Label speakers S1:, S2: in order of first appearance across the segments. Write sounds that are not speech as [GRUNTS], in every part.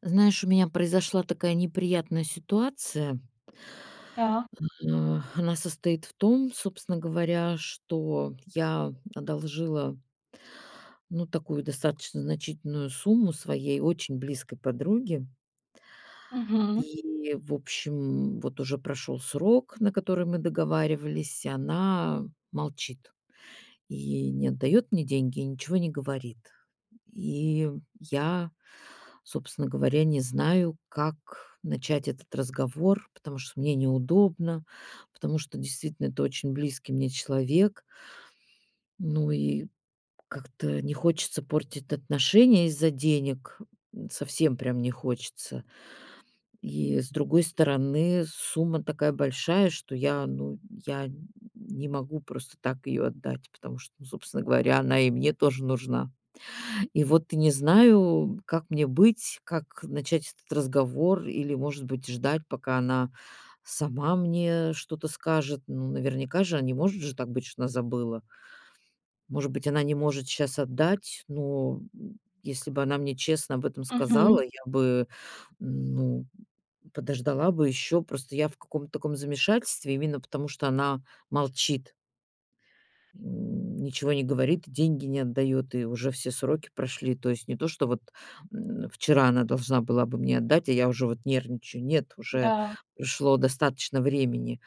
S1: Знаешь, у меня произошла такая неприятная ситуация.
S2: Да.
S1: Э, [EXHALES] она состоит в том, собственно говоря, что я одолжила ну, такую достаточно значительную сумму своей очень близкой подруге.
S2: Мгм.
S1: И, в общем, вот уже прошёл срок, на который мы договаривались, и она молчит. И не отдаёт мне деньги, и ничего не говорит. И я, собственно говоря, не знаю, как начать этот разговор. Потому что мне неудобно, потому что действительно это очень близкий мне человек. Ну и как-то не хочется портить отношения из-за денег, м, совсем прям не хочется. И, с другой стороны, сумма такая большая, что я, ну, я н не могу просто так её отдать. Потому что, ну, собственно говоря, она и мне тоже нужна. И вот не знаю, как мне быть? Как начать этот разговор? Или, может быть, ждать, пока она сама мне что-то скажет? Ну, наверняка же, а не может же так быть, что она забыла? Может быть, она не может щас отдать, но, м, если бы она мне честно об этом сказала,
S2: Мгм.
S1: я бы, ну, подождала бы ещё. Просто я в каком-то таком замешательстве, именно потому что она молчит. [GRUNTS] Ничего не говорит и деньги не отдаёт. И уже все сроки прошли. То есть не то что вот, м, вчера она должна была бы мне отдать, а я уже вот нервничаю. Нет, уже
S2: Да.
S1: прошло достаточно времени.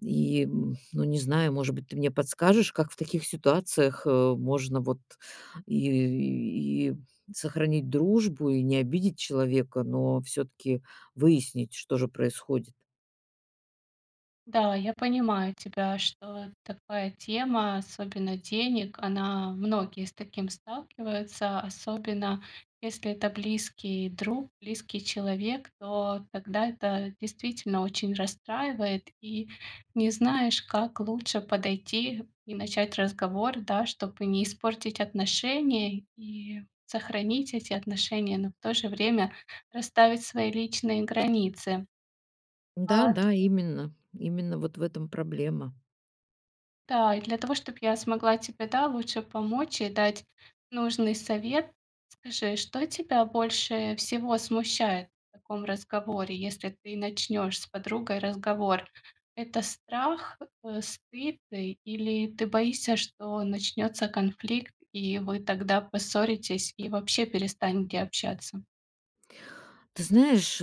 S1: И, м, ну, не знаю, может быть, ты мне подскажешь, как в таких ситуациях, э, можно вот и и и сохранить дружбу, и не обидеть человека, но всё-таки выяснить, что же происходит?
S2: Да, я понимаю тебя, что такая тема, особенно денег, она многие с таким сталкиваются. Особенно, если это близкий друг, близкий человек, то тогда это действительно очень расстраивает. И не знаешь, как лучше подойти и начать разговор, да, чтобы не испортить отношения и сохранить эти отношения, но в то же время расставить свои личные границы.
S1: Да,
S2: А
S1: да, именно. Именно вот в этом проблема.
S2: Да и для того, чтоб я смогла тебе, да, лучше помочь и дать нужный совет, скажи, что тебя больше всего смущает в таком разговоре, если ты начнёшь с подругой разговор? Это страх, э, стыд или ты боишься, что начнётся конфликт, и вы тогда поссоритесь и вообще перестанете общаться?
S1: Ты знаешь,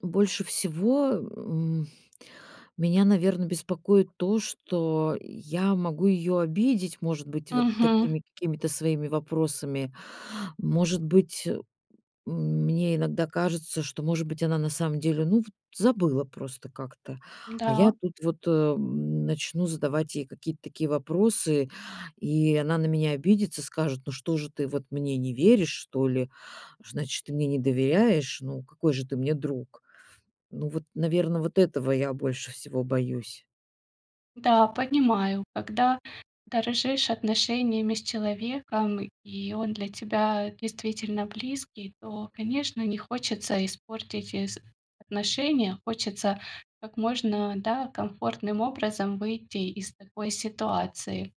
S1: больше всего, м, меня, наверно, беспокоит то, что я могу её обидеть, может быть, вот
S2: Мгм.
S1: такими какими-то своими вопросами. Может быть, м мне иногда кажется, что может быть она на самом деле, ну, вот забыла просто как-то. А я
S2: Да.
S1: тут вот, э, м, начну задавать ей какие-то такие вопросы, и она на меня обидится, скажет: "Ну что же, ты вот мне не веришь, что ли? Значит, ты мне не доверяешь! Ну какой же ты мне друг?" Ну вот, наверно, вот этого я больше всего боюсь.
S2: Да, понимаю. Когда дорожишь отношениями с человеком, и он для тебя действительно близкий, то, конечно, не хочется испортить эс отношения. Хочется, как можно, да, комфортным образом выйти из такой ситуации.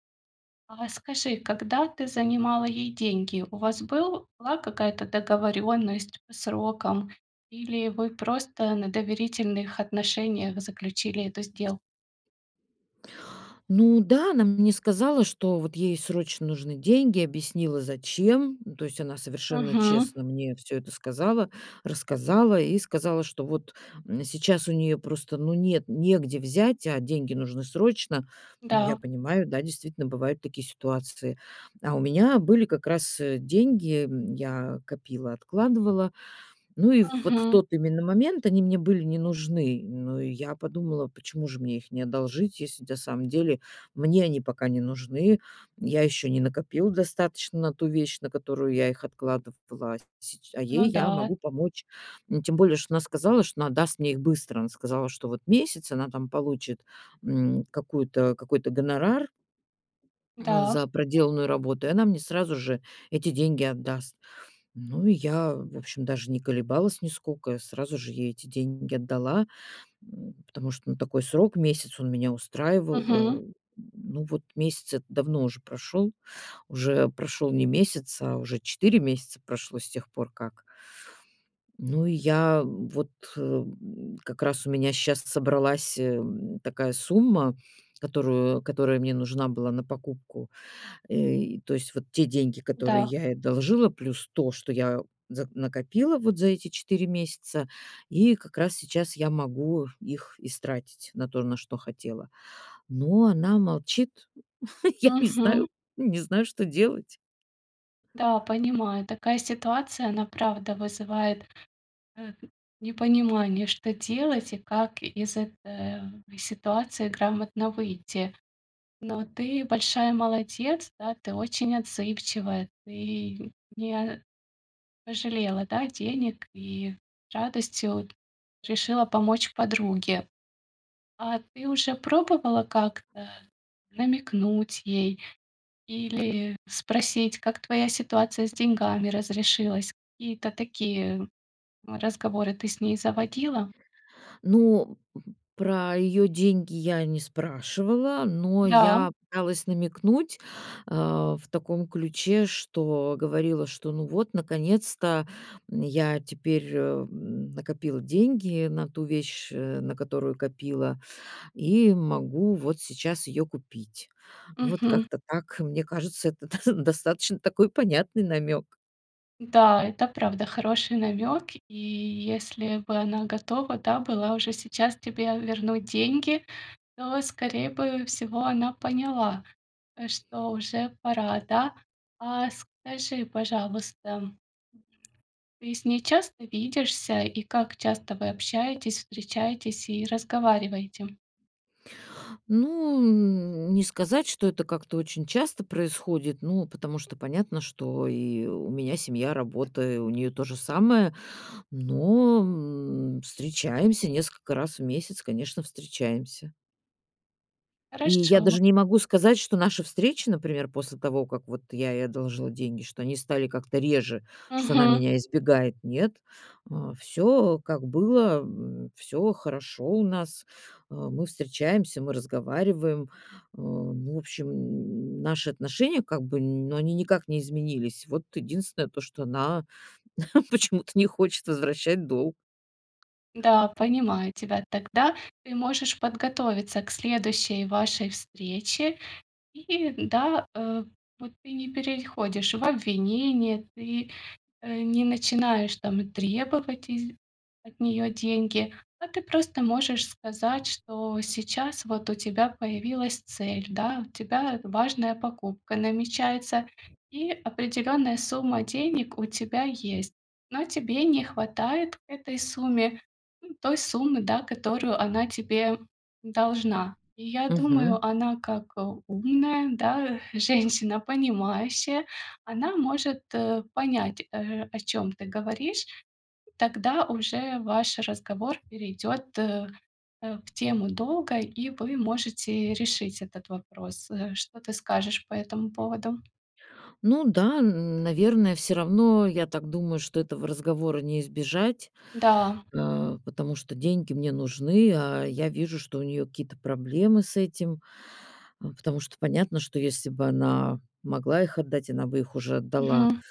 S2: А скажи, когда ты занимала ей деньги? У вас была какая-то договорённость по срокам или вы просто на доверительных отношениях заключили эту сдел
S1: Ну да, она мне сказала, что вот ей срочно нужны деньги. Oбъяснила зачем. Ну то есть она совершенно
S2: Мгм.
S1: честно мне всё это сказала, рассказала и сказала, что вот, м, сейчас у неё просто, ну, нет, негде взять, а деньги нужны срочно. Ну, я
S2: Да.
S1: понимаю, да, действительно бывают такие ситуации. А у меня были как раз, э, деньги, м, я копила, откладывала. Ну, и вот в
S2: Мгм.
S1: тот именно момент они мне были не нужны. Ну, и я подумала, почему же мне их не одолжить? Если на самом деле мне они пока не нужны. Я ещё не накопила достаточно на ту вещь, на которую я их откладывала сч а
S2: Ну
S1: ей я
S2: да.
S1: могу помочь! Н тем более, что она сказала, что она даст мне их быстро! Она сказала, что вот месяц, она там получит, м, какую-то какой-то гонорар [SWALLOWS]
S2: Да.
S1: за проделанную работу. И она мне сразу же эти деньги отдаст. Ну, и я, в общем, даже не колебалась нисколько. Сразу же ей эти деньги отдала, м, потому что, ну, такой срок- месяц- он меня
S2: Мгм.
S1: устраивал. Э, [GRUNTS] ну вот, месяц этот давно уже прошёл. Уже прошёл не месяц, а уже 4 месяца прошло с тех пор как Ну, и я вот о, м, как раз у меня щас собралась, эм, такая сумма, которую которая мне нужна была на покупку. Э, то есть вот те деньги, которые
S2: Да.
S1: я ей одолжила, плюс то, что я за накопила вот за эти 4 месяца. И как раз сейчас я могу их истратить на то, на что хотела. Но она молчит. [CHUCKLES] Я не
S2: Мгм.
S1: знаю не знаю что делать.
S2: Да, понимаю. Такая ситуация, она правда вызывает, э, непонимание, что делать и как из этой в ситуации грамотно выйти. Но ты большая молодец, да! Ты очень отзывчивая! Ты не пожалела, да, денег и радостью решила помочь подруге. А ты уже пробовала как-то намекнуть ей или спросить, как твоя ситуация с деньгами разрешилась? Какие-то такие, м, разговоры ты с ней заводила?
S1: Ну, про её деньги я не спрашивала. Но
S2: Да.
S1: я пыталась намекнуть, э, в таком ключе, что говорила, что: "Ну вот, наконец-то, м, я теперь, м, накопила деньги на ту вещь, э, на которую копила. И могу вот сейчас её купить". Вот
S2: Мгм.
S1: как-то так. Mне кажется, это [CHUCKLES] до достаточно такой понятный намёк!
S2: Да, это, правда, хороший намёк. И если бы она готова, да, была уже сейчас тебе вернуть деньги, то, скорее бы всего, она поняла, э, что уже пора, да. А скажи, пожалуйста, ты с ней часто видишься? И как часто вы общаетесь, встречаетесь и разговариваете?
S1: Ну, м, не сказать, что это как-то очень часто происходит. Ну, потому понятно, что и у меня семья, работа, и у неё то же самое. Но, м, встречаемся несколько раз в месяц, конечно, встречаемся. И я
S2: Хорошо.
S1: даже не могу сказать, что наши встречи, например, после того, как вот я ей одолжила деньги, что они стали как-то реже, что она
S2: Мгм.
S1: меня избегает, нет. Э, всё как было, м, всё хорошо у нас, э, мы встречаемся, мы разговариваем. Э, ну, в общем, н наши отношения как бы ну, они никак не изменились. Вот единственное то, что она [CHUCKLES] почему-то не хочет возвращать долг.
S2: Да, понимаю тебя. Тогда ты можешь подготовиться к следующей вашей встрече. И да, э, вот ты не переходишь в обвинение, ты, э, не начинаешь там требовать из от неё деньги, а ты просто можешь сказать, что сейчас вот у тебя появилась цель, да, у тебя, э, важная покупка намечается и определённая сумма денег у тебя есть. Но тебе не хватает к этой сумме, м, той суммы, да, которую она тебе должна. И я
S1: Мгм.
S2: думаю, она, как, э, умная, да, женщина, понимающая, она может, э, понять, э, о чём ты говоришь. Тогда уже ваш разговор перейдёт, э э, в тему долга, и вы можете решить этот вопрос. Э, что ты скажешь по этому поводу?
S1: Ну да, н наверное, всё равно, я так думаю, что этого разговора не избежать,
S2: Да.
S1: э, потому что деньги мне нужны, а я вижу, что у неё какие-то проблемы с этим, а, потому что понятно, что если бы она могла их отдать, она бы их уже отдала.
S2: Мгм.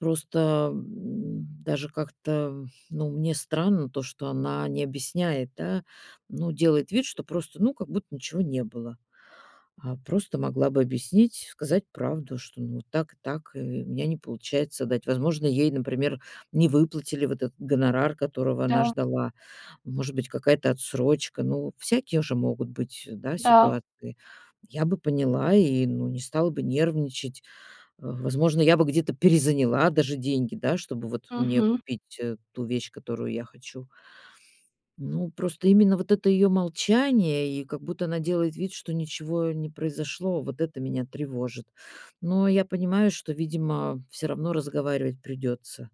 S1: Просто, м, даже как-то, ну, мне странно то, что она не объясняет, да, ну, делает вид, что просто, ну, как будто ничего не было. Э, просто могла бы объяснить, сказать правду, что, ну, так и так, и у меня не получается отдать. Возможно, ей, например, не выплатили вот этот гонорар, которого она
S2: Да.
S1: ждала, может быть, какая-то отсрочка, ну, всякие же могут быть, да,
S2: Да.
S1: ситуации. Я бы поняла и, ну, не стала бы нервничать. В возможно, я бы где-то перезаняла даже деньги, да, чтобы вот мне
S2: Мгм.
S1: купить ту вещь, которую я хочу. Ну, просто именно вот это её молчание и как будто она делает вид, что ничего не произошло, вот это меня тревожит. Но я понимаю, что, видимо, всё равно разговаривать придётся.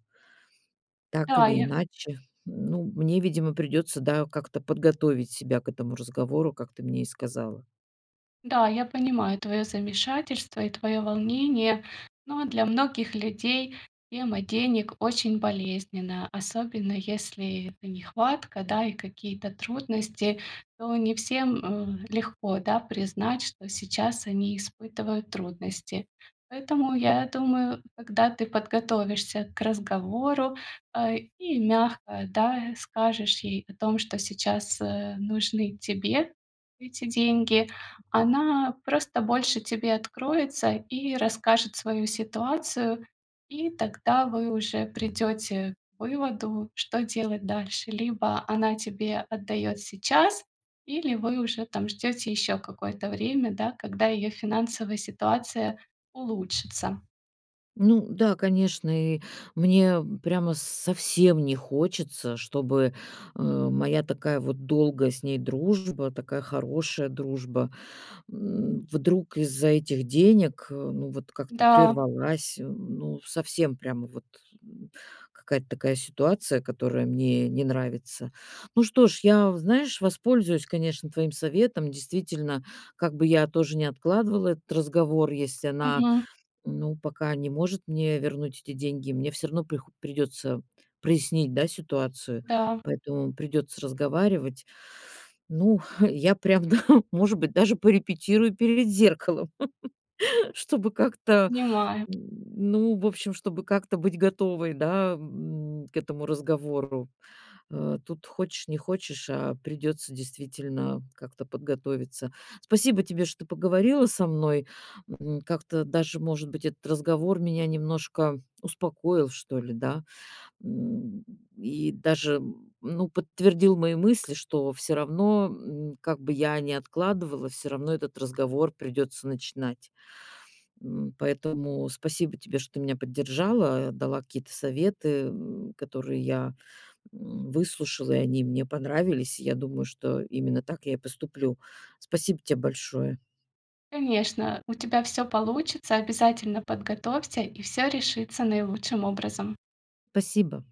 S1: Так
S2: Да,
S1: или
S2: я.
S1: иначе, ну, мне, видимо, придётся, да, как-то подготовить себя к этому разговору, как ты мне и сказала.
S2: Да, я понимаю твоё замешательство и твоё волнение, но для многих людей тема денег очень болезненна, особенно если это нехватка, да, и какие-то трудности. То не всем, э, легко, да, признать, что сейчас они испытывают трудности. Поэтому, я думаю, когда ты подготовишься к разговору, э, и мягко, да, скажешь ей о том, что сейчас, э, нужны тебе эти деньги, она просто больше тебе откроется и расскажет свою ситуацию. И тогда вы уже придёте к выводу, что делать дальше. Либо она тебе отдаёт сейчас или вы уже там ждёте ещё какое-то время, да, когда её финансовая ситуация улучшится.
S1: Ну да, конечно, и мне прямо с совсем не хочется, чтобы, э, моя такая вот долгая с ней дружба, такая хорошая дружба, м, вдруг из-за этих денег, э, ну, вот как-то
S2: Да.
S1: прервалась. Ну, совсем прямо вот, м, какая-то такая ситуация, которая мне не нравится. Ну что ж, я, знаешь, воспользуюсь, конечно, твоим советом. Действительно, как бы я тоже не откладывала этот разговор, если она,
S2: Мгм.
S1: ну, пока не может мне вернуть эти деньги, мне всё равно прихо придётся прояснить, да, ситуацию,
S2: Да.
S1: поэтому придётся разговаривать. Ну, [EXHALES] я, прям, да, может быть, даже порепетирую перед зеркалом, [CHUCKLES] чтобы как-то,
S2: Понимаю.
S1: н ну, в общем, чтобы как-то быть готовой, да, м, к этому разговору. Э, тут хочешь не хочешь, а придётся действительно как-то подготовиться. Спасибо тебе, что поговорила со мной. М, как-то даже, может быть, этот разговор меня немножко успокоил, что ли, да? М, и даже, м, ну, подтвердил мои мысли, что всё равно, м, как бы я ни откладывала, всё равно этот разговор придётся начинать. М, поэтому спасибо тебе, что ты меня поддержала, дала какие-то советы, м, которые я, м, выслушала, и они мне понравились. Я думаю, что именно так я и поступлю. Спасибо те большое.
S2: Конечно, у тебя всё получится. Обязательно подготовься, и всё решится наилучшим образом.
S1: Спасибо.